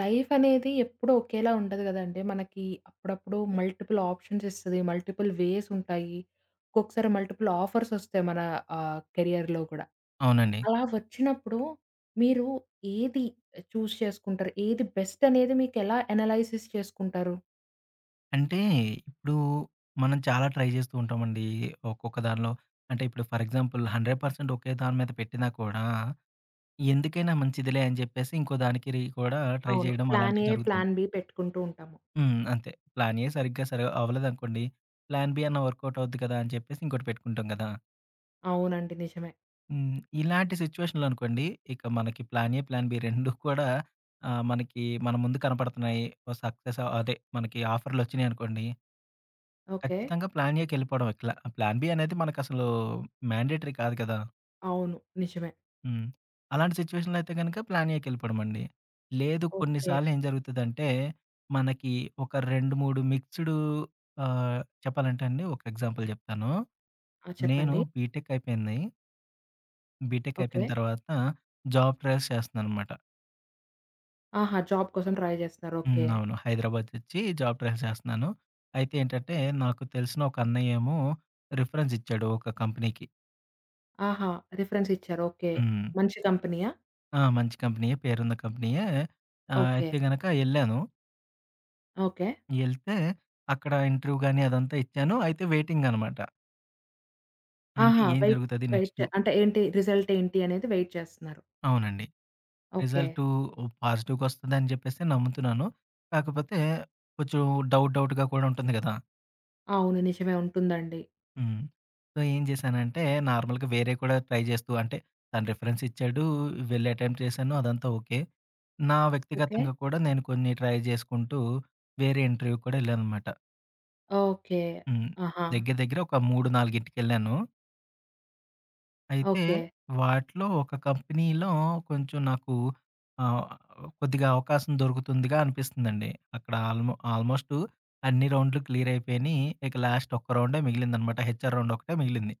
Life అనేది ఎప్పుడు ఒకేలా ఉండదు గదండీ! మనకి అప్పుడప్పుడు మల్టిపుల్ ఆప్షన్స్ ఇస్తది, మల్టిపుల్ వేసుంటాయి, ఒక్కొక్కసారి మల్టిపుల్ ఆఫర్సొస్తాయి మన ఆహ్, కెరియర్‌లో కూడా. అవునండి. అలా వచ్చినప్పుడు మీరు ఏది చూస్ చేసుకుంటారు? ఏది బెస్ట్ అనేది మీకెలా అనలైసిస్ చేసుకుంటారు? అంటే ఇప్పుడు మనం చాలా ట్రై జేస్తూ ఉంటామండి. ఒక్కొక్క దానిలో అంటే ఇప్పుడు ఫర్ ఎగ్జాంపుల్ 100% ఒకే దాని మీద పెట్టినా కూడా, ఎందుకైనా మంచిదిలే అని జెప్పేసి ఇంకో దానికి రి కూడా ట్రై అవును. చేయడం ప్లాన్ అలాంటియి ఏ, జరుగుతుంది. ప్లాన్ బీ పెట్టుకుంటూ ఉంటాము. హ్మ్. అంతే. ప్లాన్ ఏ సరిగ్గా సరి అవ్వలేదనుకోండి, ప్లాన్ బీ అన్న వర్క్ ఔట్ అవుద్ది కదా! అని చెప్పేసి ఇంకోటి పెట్టుకుంటాం గదా! అవునండి. నిజమే. హ్మ్. ఇలాంటి సిట్యుయేషన్లనుకోండి ఇక మనకి వర్క్ అవుట్ 2 కూడా ఆహ్, మనకి మన ముందు కనపడుతున్నాయి. ఓ సక్సెసో, అదే మనకి ఆఫర్‌‌లొచ్చినాయనుకోండి... ఓకే. ఖచ్చితంగా ప్లాన్ ఏకెళ్ళిపోవడం. ప్లా ప్లాన్ బీ అనేది మనకసలు మాండేటరీ కాదు కదా! అవును. నిజమే. హ్మ్. అలాంటి సిట్యుయేషన్‌లో అయితే గనక ప్లాన్ ఏకెళ్ళిపోవడమండి. లేదు కొన్ని ఓకే. సార్లు ఏం జరుగుతదంటే, మనకి ఒక 2, 3 మిక్స్‌డు ఆహ్, చెప్పాలంటే అండి ఒక ఎగ్జాంపుల్ జెప్తాను. ఆ! నేను చెప్పండి. బీటెక్ అయిపోయింది. బీటెక్ అయిపోయిన ఓకే. తర్వాత, జాబ్ ట్రాయిల్స్ చేస్తున్నాన్నమాట. ఆహా! జాబ్ కోసం ట్రై జేస్తురు. హ్మ్. ఓకే. అవును. హైదరాబాదొచ్చి జాబ్ ట్రాయిల్స్ చేస్తున్నాను. అయితే ఏంటంటే, నాకు తెలిసిన ఒక అన్నయ్యేమో రిఫరెన్స్ ఇచ్చాడు ఒక కంపెనీకి. ఆహా! రిఫరెన్స్ ఇచ్చారు. ఓకే హ్మ్. మంచి కంపెనీ‌యా? ఆ! మంచి కంపెనీయే పేరున్న కంపెనీయే ఆహ్, ఓకే. అయితే గనక ఎళ్ళాను. ఓకే. ఎళ్తే, అక్కడ ఇంటర్‌వ్యూ గాని అదంతా ఇచ్చాను, అయితే వైటింగనమాట. అంటే ఆహా! ఏం వెయిట్ జరుగుతది వెయిట్ నెక్స్టు అంటే ఏంటి రిజల్ట్ ఏంటి అనేది వెయిట్ చేస్తున్నారు. అవునండి. ఓకే. రిజల్ట్ పాజిటివ్‌గొస్తుందని జెప్పేసి నమ్ముతున్నాను. కాకపోతే, కొంచెం డవుట్, డవుట్‌గా కూడా ఉంటుంది కదా! అవును. నిజమే. ఉంటుందండి. హ్మ్. సో, ఏం జేశానంటే, నార్మల్‌గా వేరేవి కూడా ట్రై జేస్తూ అంటే, తను రిఫరెన్స్ ఇచ్చాడు, వెళ్లి అటెంప్ట్ చేశాను అదంతా ఓకే. నా ఓకే. వ్యక్తిగతంగా కూడా నేను కొన్ని ట్రై జేసుకుంటూ, వేరే ఇంటర్‌వ్యూ‌కి కూడా ఎళ్ళానన్నమాట. ఓకే. హ్మ్. ఆహా! దగ్గర, దగ్గర ఒక 3, 4 గిటికేళ్ళాను అయితే ఓకే. వాటిలో ఒక కంపెనీలో కొంచెం నాకు ఆహ్, కొద్దిగా అవకాశం దొరుకుతుందిగా అనిపిస్తుందండి, అక్కడ ఆల్‌మో ఆల్‌మోస్టు అన్ని రౌండ్‌లు క్లియరయిపోయిని. ఇక లాస్ట్ ఒక్క రౌండే మిగిలిందనమాట హెచ్ఆర్ రౌండ్ ఒక్కటే మిగిలింది.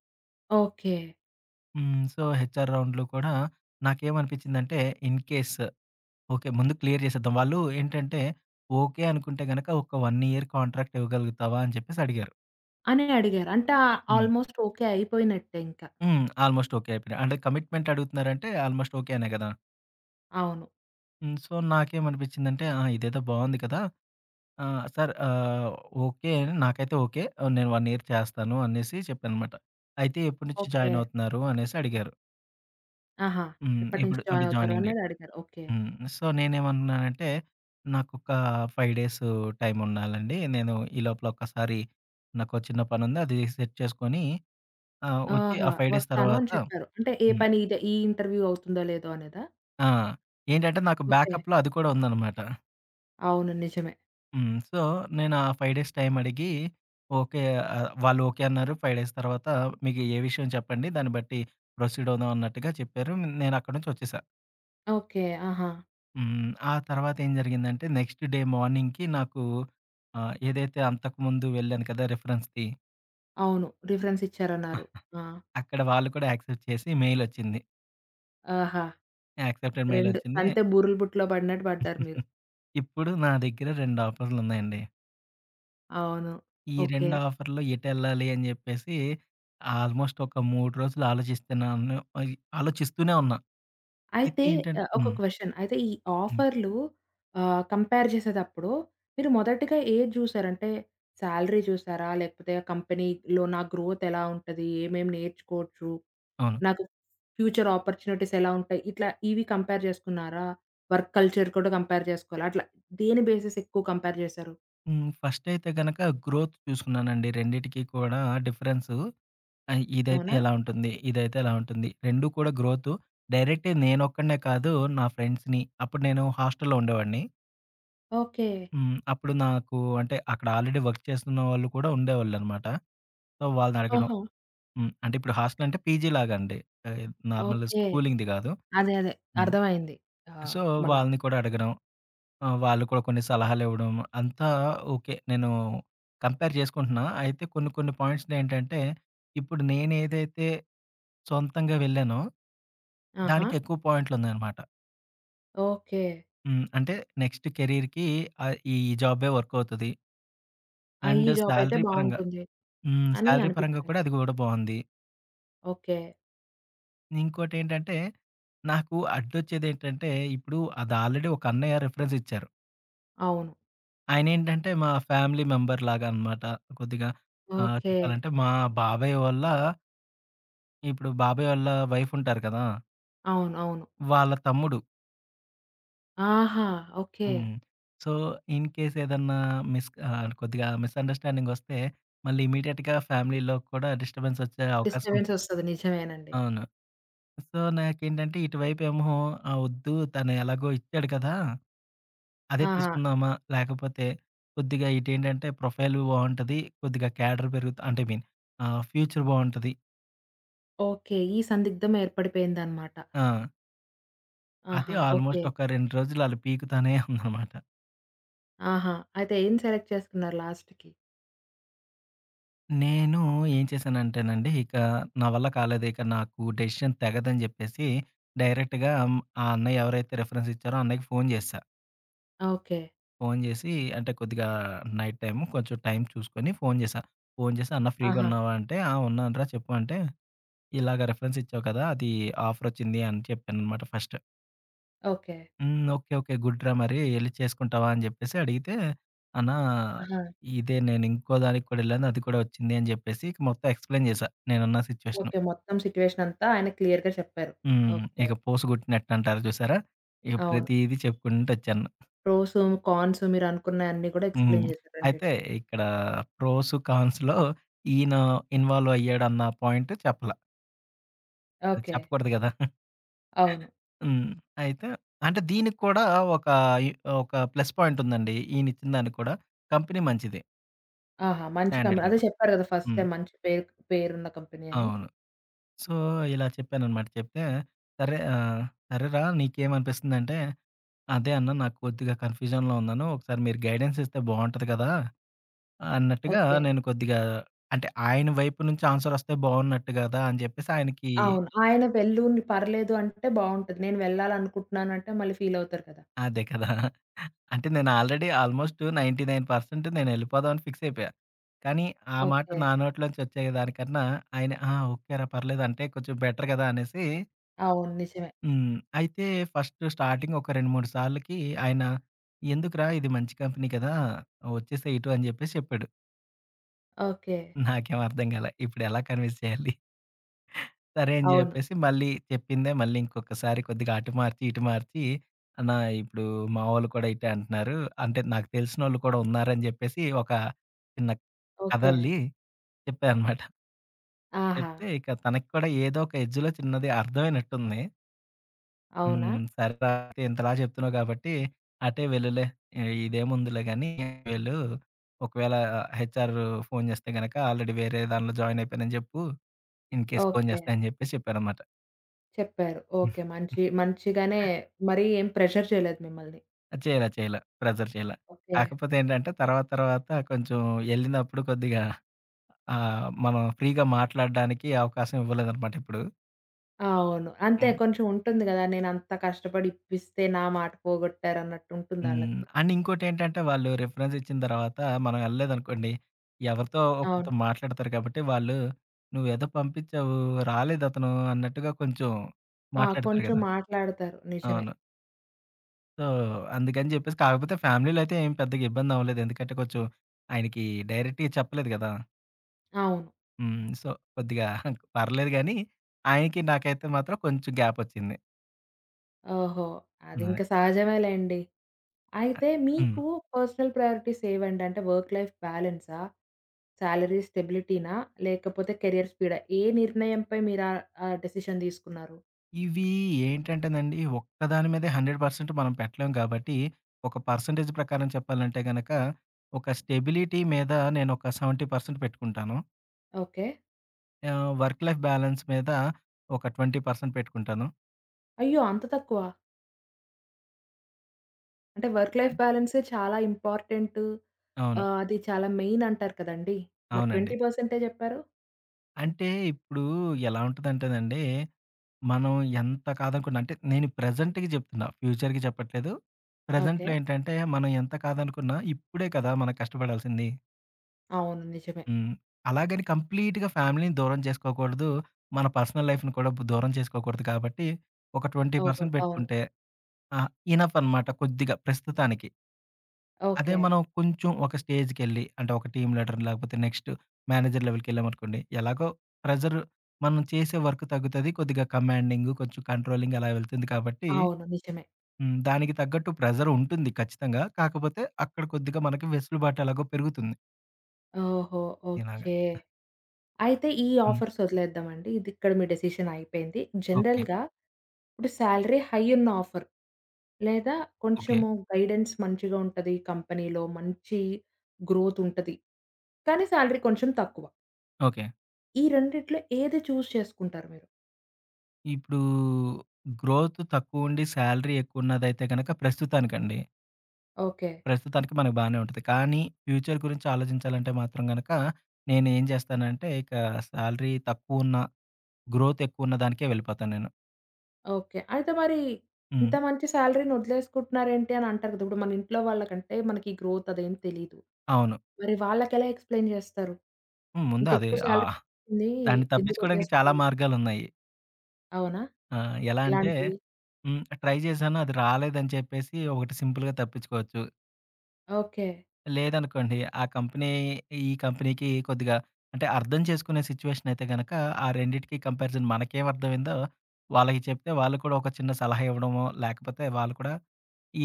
ఓకే. హ్మ్. సో, హెచ్ఆర్ రౌండ్‌లో కూడా నాకేమనిపిచిందంటే ఇన్‌కేస్ ఓకే. ముందు క్లియర్ జేసేద్దాం వాళ్ళు ఏంటంటే ఓకే! అనుకుంటే గనక ఒక 1 ఇయర్ కాంట్రాక్ట్ ఇవ్వగలుగుతావా? అని జేప్పేసడిగారు. అనే అడిగారు. అంటే ఆహ్, హ్మ్. ఆల్‌మోస్ట్ ఓకే అయిపోయినట్టే ఇంకా. హ్మ్. ఆల్‌మోస్ట్ ఓకే అయిపోయింది అంటే కమిట్మెంట్ అడుగుతున్నారంటే ఆల్‌మోస్ట్ ఓకే అనే గదా! అవును. హ్మ్. సో, నాకేమనిపిచిందంటే ఆ! ఇదేదో బావుంది కదా! ఆహ్, సార్ ఆహ్, ఓకే నాకైతే ఓకే! ఆహ్, నేను 1 ఇయర్ చేస్తాను అనేసి చెప్పానన్నమాట. అయితే ఎప్పటి నుంచి ఓకే. జాయినవుతున్నారు అనేసడిగారు. ఆహా! హ్మ్. ఎప్పటి నుంచి ఇప్పుడు అంటే జాయినవుతారు జాయినింగ్ డేట్. అన్నది అడిగారు. ఓకే. హ్మ్. సో, నేనేమంటున్నానంటే నాకు ఒక 5 డేసు టైం ఉండాలండి నేను ఈ లోపల ఒక్కసారి నాకో చిన్న పనుంది అది సెట్ చేసుకొని ఆహ్, వచ్చి ఆహా! ఆ 5 డేస్ వస్తాను తర్వాత అని చెప్పారు. అంటే ఏ హ్మ్. పని ఇదే ఈ ఇంటర్వ్యూ అవుతుందో లేదో అనేదా? ఆ! ఏంటంటే నాకు ఓకే. బ్యాకప్‌లో అది కూడా ఉందన్నమాట. అవును. నిజమే. హ్మ్. సో, నేను ఆ 5 డేస్ టైం అడిగి ఓకే. ఆహ్, వాళ్ళు ఓకే అన్నారు. 5 డేస్ తర్వాత మీకు ఏ విషయం చెప్పండి. దాన్ని బట్టి ప్రొసీడ్ అవుదామన్నట్టుగా చెప్పారు నేనక్కడి నుంచొచ్చేసా. ఓకే. ఆహా! హ్మ్. ఆ తర్వాత ఏం జరిగిందంటే నెక్స్ట్ డే మార్నింగ్‌కి నాకు ఆహ్, ఏదైతే అంతకు ముందు వెళ్ళాను కదా! రిఫరెన్స్‌ది అవును. రిఫరెన్స్ ఇచ్చారన్నారు. ఆ! అక్కడ వాళ్ళు కూడా యాక్సెప్ట్ చేసి మెయిల్ ఒచ్చింది. ఆహా! యాక్సెప్టెడ్ మెయిల్ 2, ఒచ్చింది. తంతె బూరెల బుట్టలో బడినట్టు పడ్డారు మీరు. ఇప్పుడు నా దగ్గర 2 ఆఫరులున్నాయండి. అవును. ఈ 2 ఓకే. ఆఫర్‌లో ఎటెళ్ళాలి అని జెప్పేసి, ఆల్‌మోస్ట్ ఒక 3 రోజులు ఆలోచిస్తూనే ఉన్న. అయి ఆలోచిస్తూనే ఉన్నా. అయితే అయితే ఏంటంటే ఆహ్, ఒక హ్మ్. క్వెషన్ అయితే, ఈ హ్మ్. ఆఫర్లు ఆహ్, కంపేర్ జేసేదప్పుడు, మీరు మొదటిగా ఏది జూసారు? అంటే సాలరీ చూసారా? లేకపోతే ఆ కంపెనీలో నా గ్రోత్ ఎలా ఉంటది? ఏమెం నేర్చుకోవచ్చు? అవును. నాకు ఫ్యూచర్ అపార్చునిటీస్ ఎలా ఉంటాయి? ఇట్లా ఇవి కంపేర్ చేసుకున్నారా? వర్క్ కల్చర్ కూడా కంపేర్ చేసుకోవాలి. అట్లా, దేని బేసిస్ ఎక్కువ కంపేర్ జేసారు? హ్మ్. ఫస్టయితే గనక గ్రోత్ చూసుకున్నానండి. రెండిటికి కూడా డిఫరెన్సు, ఆహ్, ఇదైతే అవునా? ఎలా ఉంటుంది? ఇదైతే ఎలా ఉంటుంది? 2 కూడా గ్రోతు, డైరెక్ట్‌గా నేనొక్కడినే కాదు. నా ఫ్రెండ్స్‌ని అప్పుడు నేను హాస్టల్‌లో ఉండేవాడిని. ఓకే. హ్మ్. అప్పుడు నాకు అంటే, అక్కడ ఆల్రెడీ వర్క్ చేస్తున్న వాళ్ళు కూడా ఉండేవాళ్ళున్నమాట. సో, వాళ్ళని అడగడం ఆహా! హ్మ్. అంటే ఇప్పుడు హోస్టలంటే పీజీ లాగండి. ఆహ్, నార్మల్ ఓకే. స్కూలింగ్‌ది గాదు. అదే. అదే. హ్మ్. అర్థమైంది. ఆహ్, సో, మన వాళ్ళని కూడా అడగడం. ఆహ్, వాళ్ళు కూడా కొన్ని సలహాలివ్వడం, అంతా ఓకే. నేను కంపేర్ చేసుకుంటున్నా. అయితే కొన్ని కొన్ని పాయింట్స్‌‌నేంటంటే, ఇప్పుడు నేనేదైతే, సొంతంగా వెళ్ళానో ఆహా! దానికెక్కువ పాయింట్లున్నాయన్నమాట. ఓకే. హ్మ్. అంటే నెక్స్ట్ కేరియర్‌కి ఆహ్, ఈ జాబే వర్క్ అవుతది... ఆ! ఈ అండ్ జాబ్ అయితే సాలరీ పరంగా బావుంటుంది. హ్మ్. అని సాలరీ పరంగా అనిపించింది. కూడా అది గూడా బావుంది. ఓకే. ఇంకోటేంటంటే, నాకు అడ్డొచ్చేదేంటంటే, ఇప్పుడు అదాల్రెడీ ఒక అన్నయ్య రిఫరెన్స్ ఇచ్చారు... అవును. ఆయనేంటంటే, మా ఫ్యామిలీ మెంబర్ లాగన్నమాట. కొద్దిగా ఆహ్, ఓకే. చెప్పాలంటే, మా బాబాయ్ ఓళ్ళ ఇప్పుడు బాబాయ్ ఓళ్ళ వైఫుంటారు కదా... అవును. అవును. వాళ్ళ తమ్ముడు. ఆహా! ఓకే. హ్మ్. సో, ఇన్‌కేస్ ఏదన్నా మిస్ క ఆడ కొద్దిగా మిసండర్స్‌స్టాండింగ్ ఒస్తే, మళ్ళీ ఇమ్మీడియేట్‌గా ఫ్యామిలీ‌లో కూడా డిస్టర్బెన్సొచ్చే అవకాశం ఉంది. డిస్టర్బెన్సొస్తది. నిజమేనండి. అవును. సో, నాకేంటంటే, ఇటువైపేమో ఆహ్, వద్దు తను ఎలాగో ఇచ్చాడు కదా! అదే ఆహా! తీసుకుందామా, లేకపోతే కొద్దిగా ఇటేంటంటే, ప్రొఫైలు బావుంటది. కొద్దిగా క్యాడర్ పెరుగుత అంటే ఐ మీన్ ఆహ్, ఫ్యూచర్ బావుంటది. ఓకే. ఈ సందిగ్ధం ఏర్పడిపోయిందన్నమాట. ఆ! అది ఆహా! ఓకే. ఆల్‌మోస్ట్ ఒక 2 రోజులు అలా పీకుతానే ఉందన్నమాట. ఆహా! అయితే ఏం సెలెక్ట్ చేసుకున్నారు లాస్ట్‌కి? నేను ఏం చేశానంటేనండి ఇక, నా వల్ల కాలేదు ఇక నాకు డెసిషన్ తెగదని జెప్పేసి, డైరెక్ట్‌గా ఆ అన్నయ్య ఎవరైతే రిఫరెన్స్ ఇచ్చారో అన్నయ్యకి ఫోను జేశా. ఓకే. ఫోను జేసి, అంటే కొద్దిగా నైట్ టైమ్, కొంచెం టైం చూసుకొని ఫోను జేశా. ఫోను చేసి "అన్నా ఫ్రీగా ఆహా! ఉన్నావా?" అంటే, "ఆ! ఉన్నానురా చెప్పు" అంటే, ఇలాగా రిఫరెన్స్ ఇచ్చావు కదా! అది ఆఫరొచ్చింది అని చెప్పానన్నమాట ఫస్ట్. ఓకే. "హ్మ్. ఓకే. ఓకే. గుడ్ రా! మరి ఎళ్లి చేసుకుంటావా" అని చెప్పేసి అడిగితే, "అన్నా! ఆహా! ఇదే నేనింకోదానికి కూడా ఎళ్ళాను, అది కూడా ఒచ్చింది" అని చెప్పేసి, ఇక మొత్తం ఎక్స్‌ప్లెయిన్ జేశా నేనున్న సిచ్యువేషను. ఓకే. మొత్తం సిట్యుయేషన్ అంతా ఆయన క్లియర్‌గా చెప్పారు. హ్మ్. ఓకే. ఇక పూస గుట్టినట్టు అంటారు చూసారా! ఇక అవును. ప్రతీదీ చెప్పుకుంటూ ఒచ్చాను. ప్రోసు, కాన్సు మీరు అనుకున్నయాన్ని కూడా హ్మ్. ఎక్స్‌ప్లెయిన్ చేసారు రెండిటికి. అయితే, ఇక్కడ ప్రోసు, కాన్సు‌లో ఈయన ఇన్వాల్వ్ అయ్యాడు అన్న పాయింట్ చెప్పల. ఓకే. చెప్పకూడదు కదా! అవును. హ్మ్. అయితే అంటే దీనికి కూడా ఒక ఈ ఒక ప్లస్ పాయింట్ ఉందండి. ఈయన ఇచ్చిన దానికి కూడా. కంపెనీ మంచిదే. ఆహా! మంచి స్టాండర్డ్‌ కంపెనీ. అదే కంప్ చెప్పారు కదా! ఫస్టే హ్మ్. మంచి పేర్ పేరున్న కంపెనీ అని. అవును. సో, ఇలా చెప్పానన్నమాట. చెప్తే సరే. ఆహ్, "సరే రా! నీకేమనిపిస్తుంది" అంటే "అదే అన్నా! నాకు కొద్దిగా కన్ఫ్యూజన్‌లో ఉన్నాను. ఒకసారి మీరు గైడెన్స్ ఇస్తే బాగుంటుంది కదా!" అన్నట్టుగా ఓకే. నేను కొద్దిగా అంటే ఆయన వైపు నుంచి ఆన్సరొస్తే బావున్నట్టు కదా అని చెప్పేసి ఆయనకి అవును. ఆయన వెళ్ళు, నువ్వు పర్లేదు అంటే బావుంటది. నేను వెళ్ళాలనుకుంటున్నానంటే మళ్ళీ ఫీలవుతారు కదా! అదే కదా! అంటే నేను ఆల్రెడీ ఆల్మోస్టు 99% నేనెళ్ళిపోదాం అని ఫిక్స్ అయిపోయా. కానీ, ఆ మాట నా ఓకే. నోట్లో నుంచొచ్చేదాని కన్నా ఆయన ఆ! ఓకే రా! పర్లేదు అంటే కొంచెం బెటర్ కదా అనేసి అవును. నిజమే. హ్మ్. అయితే ఫస్ట్ స్టార్టింగ్ ఒక రెండు, మూడు సార్లకి ఆయన "ఎందుకురా! ఇది మంచి కంపెనీ కదా! ఒచ్చేసేయి ఇటు" అని చెప్పేసి చెప్పాడు. ఓకే. నాకేమి అర్థం కాలే. ఇప్పుడెలా కన్విన్స్ చేయాలి? సరే అని అవును. చెప్పేసి మళ్ళీ చెప్పిందే మళ్ళీ ఇంకొకసారి కొద్దిగా అటు మార్చి, ఇటు మార్చీ "అన్న ఇప్పుడు మావాళ్ళు కూడా ఇటే అంటున్నారు. అంటే నాకు తెలిసినోళ్ళు కూడా ఉన్నారు" అని చెప్పేసి ఒక చిన్న ఓకే. కథల్లి చెప్పా అనమాట. ఆహా! చెప్తే ఇక తనకి కూడా ఏదో ఒక ఎడ్జ్‌లో చిన్నది అర్థవైనట్టుంది. అవునా? హ్మ్. "సరే [unintelligible] ఇంతలా చెప్తున్నావు కాబట్టి, అటే వెళ్ళులే, ఇదేముందిలే గానీ, వెళ్ళు. ఒకవేళ హెచ్ఆర్ ఫోను చేస్తే గనుక, ఆల్రెడీ వేరే దానిలో జాయిన్ అయిపోయానని జెప్పు, ఇన్‌కెస్ ఫోను ఓకే. చేస్తే" అని చెప్పేసి చెప్పారన్నమాట చెప్పారు. ఓకే. మంచి మంచిగానే మరి ఏం ప్రెజర్ చేయలేదు మిమ్మల్ని. చేయలా, చేయలా. ప్రెజర్ చేయలే. ఓకే. కాకపోతే ఏంటంటే, తర్వాత తర్వాత కొంచెం ఎళ్ళినప్పుడు కొద్దిగా ఆహ్, మనం ఫ్రీ‌గా మాట్లాడడానికి అవకాశం ఇవ్వలేదన్నమాట ఎప్పుడు. అవును. అంతే. హ్మ్. కొంచెం ఉంటుంది గదా! నేనంత కష్టపడి ఇప్పిస్తే, నా మాట పోగొట్టారు అన్నట్టు ఉంటుంది హ్మ్. ఆళ్ళకి. అండ్ ఇంకోటేంటంటే, వాళ్ళు రెఫరెన్స్ ఇచ్చిన తరువాత మనం ఎళ్ళలేదనుకోండి, ఎవరితో ఒకరితో అవును. మాట్లాడతారు కాబట్టి వాళ్ళు "నువ్వేదో పంపిచ్చావు. రాలేదతను" అన్నట్టుగా కొంచెం ఆ! మాట్లాడతారు కొంచెం గదా! మాట్లాడతారు నిజమే. అవును. సో, అందుకని జెప్పేసి, కాకపోతే ఫ్యామిలీలో అయితే ఏం పెద్దగా ఇబ్బంది అవ్వలేదు. ఎందుకంటే కొంచెం, ఆయనకి డైరెక్ట్‌‌గా చెప్పలేదు గదా! అవును. హ్మ్. సో, కొద్దిగా పర్లేదు గానీ, ఆయనకి నాకైతే మాత్రం కొంచెం గ్యాపొచ్చింది. ఓహో! అదే. అదింకా సహజమేలెండి. ఆహ్, అయితే హ్మ్. మీకు పర్సనల్ ప్రయారిటీస్ ఏవండి? అంటే వర్క్ లైఫ్ బ్యాలెన్సా? సాలరీ స్టెబిలిటీనా? లేకపోతే కెరియర్ స్పీడా? ఏ నిర్ణయంపై మీరు ఆహ్, ఆ డెసిషన్ తీసుకున్నారు? ఇవి ఏంటంటేనండి, ఒక్కదాని మీదే 100% మనం పెట్టలేం గాబట్టి, ఒక పర్సెంటేజ్ ప్రకారం చెప్పాలంటే గనక, ఒక స్టెబిలిటీ మీద నేనొక 70% పెట్టుకుంటాను... ఓకే. ఆహ్, వర్క్ లైఫ్ బ్యాలన్స్ మీద ఒక 20% పెట్టుకుంటాను. అయ్యో! అంత తక్కువ? అంటే వర్క్ లైఫ్ అంతే. బ్యాలెన్సే చాలా ఇంపార్టెంటు అవును. ఆహ్, అది చాలా మెయిన్ అంటారు కదండీ! మరి అవునండి. 20 పర్సెంటే చెప్పారు? అంటే ఇప్పుడు ఎలా ఉంటదంటేనండి, మనం ఎంత కాదనుకున్నా అంటే, నేను ప్రెజెంట్‌కి చెప్తున్నా. ఫ్యూచర్‌కి చెప్పట్లేదు. ప్రెజెంట్‌లో ఓకే. ఏంటంటే, మనం ఎంత కాదనుకున్నా ఇప్పుడే కదా మనం కష్టపడాల్సింది. అవును. నిజమే. హ్మ్. అలాగని కంప్లీట్‌గా ఫ్యామిలీ‌ని దూరం చేసుకోకూడదు. మన పర్సనల్ లైఫ్‌ని కూడా దూరం చేసుకోకూడదు కాబట్టి, ఒక ట్వెంటీ ఓహో! పర్సెంట్ అవును. పెట్టుకుంటే, ఆ! ఇనఫ్ అన్నమాట కొద్దిగా ప్రస్తుతానికి. అదే ఓకే. మనం కొంచెం ఒక స్టేజ్‌కెళ్లి అంటే ఒక టీమ్ లీడర్, లేపోతే నెక్స్ట్ మేనేజర్ లెవెల్‌కెళ్ళామనుకోండి, ఎలాగో ప్రెజర్ మనం చేసే వర్క్ తగ్గుతది. కొద్దిగా కమాండింగ్, కొంచెం కంట్రోలింగ్ అలా వెళ్తుంది కాబట్టి, అవును. నిజమే. హ్మ్. దానికి తగ్గట్టు ప్రెజరుంటుంది ఖచ్చితంగా. కాకపోతే అక్కడ కొద్దిగా మనకి వెసులుబాటెలాగో పెరుగుతుంది. ఓహో! ఇలాగ. ఓకే. ఆహ్ అయితే ఈ హ్మ్. ఆఫర్స్ వదిలేద్దాం అండి, ఇదిక్కడ మీ డిసిషన్ అయిపోయింది. ఓకే. జనరల్‌గా ఇప్పుడు సాలరీ హై ఉన్న ఆఫర్, లేదా, ఓకే. కొంచము గైడెన్స్ మంచిగా ఉంటది, కంపెనీ‌లో మంచి గ్రోత్ ఉంటది. కానీ, సాలరీ కొంచెం తక్కువ. ఓకే. ఈ రెండిట్లో ఏది చూస్ చేసుకుంటారు మీరు? ఇప్పుడూ గ్రోత్ తక్కువుండి సాలరీ ఎక్కువ ఉన్నదైతే గనుక ప్రస్తుతానికండి... ఓకే. ప్రస్తుతానికి మనకు బానే ఉంటది. కానీ, ఫ్యూచర్ గురించి ఆలోచించాలంటే మాత్రం గనక, నేనేం జేస్తానంటే ఇక సాలరీ తక్కువున్న, గ్రోత్ ఎక్కువ ఉన్న దానికే వెళ్ళిపోతా నేను. ఓకే. అయితే మరీ, హ్మ్. ఇంత మంచి సాలరీ‌ని వదిలేసుకుంటున్నారేంటి అనంటారు కదా! ఇప్పుడు మన ఇంట్లో వాళ్ళకు అంటే మనకి గ్రోత్ అదేం తెలీదు. అవును. మరి వాళ్ళకెలా ఎక్స్‌ప్లెయిన్ జేస్తరు? హ్మ్. ముందు అది ఇంతేక్కువ సాలరీ ఆహ్, వస్తుంది. దాన్ని ఎందుకు తప్పించుకోవడానికి చాలా వదిలేసుకోడం? మార్గాలున్నాయి. అవునా? ఆహ్, ఎలా అంటే, ఎలాంటివి? హ్మ్ ట్రై జేశాను అది రాలేదని చెప్పేసి, ఒకటి సింపుల్‌గా తప్పించుకోవచ్చు. ఓకే. లేదనుకోండి, ఆ కంపెనీ, ఈ కంపెనీ‌కి కొద్దిగా అంటే అర్థం చేసుకునే సిచ్యువేషన్ అయితే గనక, ఆ రెండిటికి కంపారిజన్ మనకేం అర్థమయిందో వాళ్ళకి చెప్తే వాళ్ళు కూడా ఒక చిన్న సలహా ఇవ్వడమో, లేకపోతే వాళ్ళు కూడా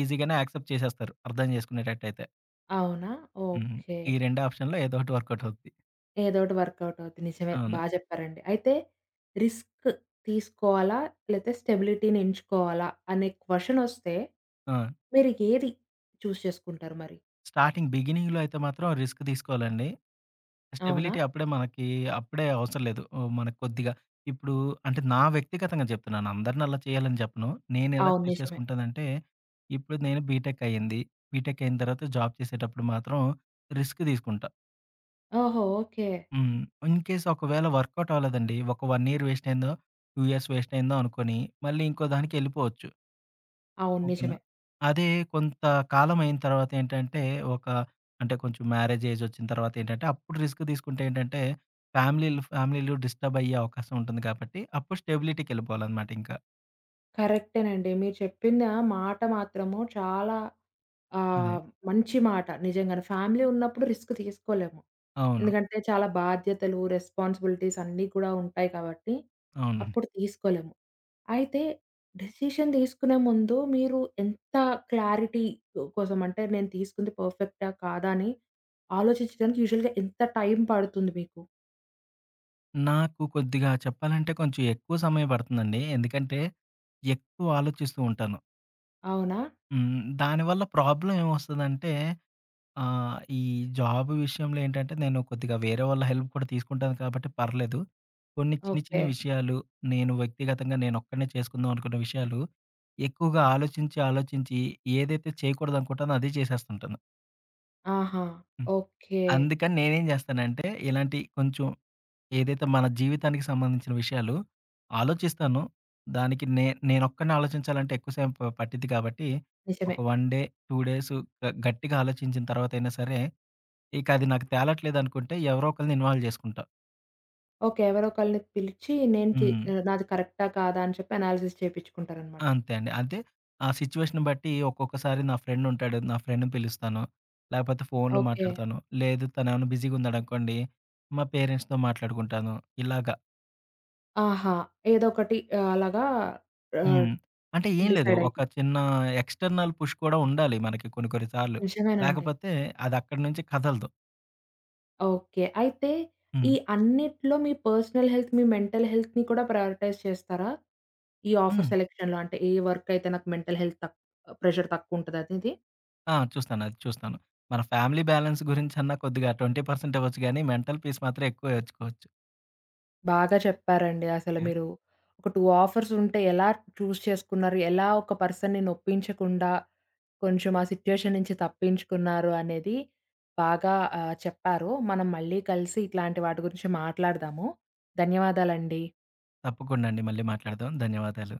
ఈజీగానే యాక్సెప్ట్ చేసేస్తారు అర్థం చేసుకునేటట్టయితే. అవునా! హుహు. ఓకే. ఈ 2 ఆప్షన్‌లో ఏదోటి వర్క్‌ఔట్ అవుద్ది. ఏదోటి వర్క్ఔట్ అవుద్ది. నిజమే అవును. బా జెప్పారండి. అయితే రిస్క్ తీసుకోవాలా లేపొతె స్టెబిలిటీని ఎంచుకోవాలా అనే క్వషన్ వస్తే, ఆ! మీరు ఏది చూస్ చేస్కుంటారు మరి? స్టార్టింగ్ బిగినింగ్‌లో అయితే మాత్రం రిస్క్ దీసుకోవాలండి. అవునా? స్టెబిలిటీ అప్పుడే మనకీ అప్పుడే అవసరం లేదు. మనకి కొద్దిగా ఇప్పుడూ అంటే నా వ్యక్తిగతంగా జెప్తున్నాను, అందర్నీ అలా చేయాలని చెప్పను నేనెలా అవును చూస్ నిజమే. చేసుకుంటానంటే, ఇప్పుడు నేను బీటెక్ అయింది బీటెక్ అయిన తర్వాత జాబ్ చేసేటప్పుడు మాత్రం రిస్క్ దీసుకుంటా. ఓహో! ఓకే. హ్మ్. ఇన్‌కేస్ ఒకవేళ వర్క్‌ఔట్ అవ్వలేదండి ఒక 1 ఇయర్ వేస్ట్‌ అయ్యిందో, 2 ఇయర్స్ వేస్ట్‌ అయిందో అనుకోని మళ్ళీ ఇంకోదానికెళ్ళిపోవచ్చు. అవును. ఓకేనా! నిజమే. అదే కొంత కాలం అయిన తరవాత ఏంటంటే ఒక అంటే కొంచెం మ్యారేజ్ ఏజ్ వచ్చిన తరవాతేంటంటే అప్పుడు రిస్క్ దీసుకుంటే ఏంటంటే ఫ్యామిలీలు, ఫ్యామిలీలు డిస్టర్బ్ అయ్యే అవకాశముంటుంది కాబట్టి, అప్పుడు స్టెబిలిటీకెళిపోవాలన్నమాటింక. కరెక్టేనండి. మీరు చెప్పిందా మాట మాత్రము చాలా అదే. ఆహ్, మంచిమాట నిజంగానే. ఫ్యామిలీ ఉన్నప్పుడు రిస్క్ తీసుకోలేం. అవును. ఎందుకంటే చాలా బాధ్యతలు రెస్పాన్సిబిలిటీస్ అన్నీ కూడా ఉంటాయి కాబట్టి అవునండి. అప్పుడు తీసుకోలేం. అయితే డెసిషన్ దీసుకునే ముందు మీరు ఎంత క్లారిటీ కోసం అంటే నేను తీసుకుంది పర్ఫెక్టా కాదా అని ఆలోచించడానికి యూషువల్‌గా ఎంత టైం పడుతుంది మీకు? నాకు కొద్దిగా చెప్పాలంటే కొంచెం ఎక్కువ సమయం పడుతుందండి. ఎందుకంటే, ఎక్కువ ఆలోచిస్తూ ఉంటాను. అవునా! హ్మ్. దానివల్ల ప్రాబ్లమ్ ఏమొస్తదంటే ఆహ్, ఈ జాబు విషయంలో ఏంటంటే, నేను కొద్దిగా వేరే వాళ్ళ హెల్ప్ కూడా తీసుకుంటాను కాబట్టి, పర్లేదు. కొన్ని చిన్న, చిన్న ఓకే. విషయాలు, నేను వ్యక్తిగతంగా, నేనొక్కడినే చేసుకుందాం అనుకున్న విషయాలు, ఎక్కువగా ఆలోచించి, ఆలోచించి ఏదైతే చేయకూడదనుకుంటానో అదే జేసేస్తుంటాను. ఆహా! హ్మ్. ఓకే. అందుకని నేనేం‌జేస్తానంటే ఇలాంటి కొంచెం ఏదైతే మన జీవితానికి సంబంధించిన విషయాలు, ఆలోచిస్తాను. దానికి నే నేనొక్కడినే ఆలోచించాలంటే ఎక్కువ సేపు పట్టిద్ది గాబట్టి, ఒక నిజమే. వన్ డే, 2 డేసు, గ గట్టిగా ఆలోచించిన తర్వాతయినా సరే, ఇకది నాకు తేలట్లేదనుకుంటే, ఎవరో ఒకళ్ళని ఇన్వాల్వ్ జేసుకుంటా. ఓకే. ఎవరో ఒకళ్ళని పిలిచి నేను చే హ్మ్. నాది కరెక్టా? కాదా? అని చెప్పి అనాలిసిస్ చేపిచ్చుకుంటారన్నమాట. అంతే అండి. అంతే. ఆ సిట్యుయేషన్‌ని బట్టి ఒక్కొక్కసారి నా ఫ్రెండ్ ఉంటాడు. నా ఫ్రెండ్‌‌ని పిలుస్తాను, లాపోతే ఫోనులు ఓకే. మాట్లాడతాను. లేదు తనేమన్నా బిజీగున్నాడనుకోండి, మా పేరెంట్స్‌తో మాట్లాడుకుంటాను. ఇలాగ. ఆహా! ఏదో ఒకటి అలాగా ఆహ్, హ్మ్. అంటే, ఏం లేదు. ఒక డిసైడయితారు. చిన్న ఎక్స్‌టర్నల్ పుష్ కూడా ఉండాలి మనకి కొన్ని, కొన్ని సార్లు. నిజమేనండి. లాకపోతే, అదక్కడి నుంచి కదలదు. ఓకే. అయితే, ఈ హ్మ్. అన్నిట్లో మీ పర్సనల్ హెల్త్, మీ మెంటల్ హెల్త్‌ని కూడా ప్రయారిటైజ్ చేస్తారా? ఈ ఆఫర్ హ్మ్. సెలక్షన్‌లో అంటే, ఏ వర్క్ అయితే నాకు మెంటల్ హెల్త్ తక్ ప్రెషర్ తక్కువుంటది. అదీది. ఆ! చూస్తాను. అది చూస్తాను. మన ఫ్యామిలీ బ్యాలెన్స్ గురించన్నా కొద్దిగా 20% ఇవ్వచ్చు గానీ, మెంటల్ పీస్ మాత్రం ఎక్కువే ఇచ్చుకోవచ్చు. బాగా చెప్పారండి. అసలు, యాహ్! మీరు. ఒక 2 ఆఫర్స్ ఉంటే ఎలా చూస్ చేసుకున్నారు? ఎలా ఒక పర్సన్‌‌‌‌ని నొప్పించకుండా, కొంచెం ఆ సిట్యుయేషన్ నుంచి తప్పించుకున్నారు అనేది బాగా ఆహ్, చెప్పారు. మనం మళ్ళీ కలిసి ఇట్లాంటి వాటి గురించి మాట్లాడదాము. ధన్యవాదాలండి. తప్పకుండా అండి. మళ్ళీ మాట్లాడదాం. ధన్యవాదాలు.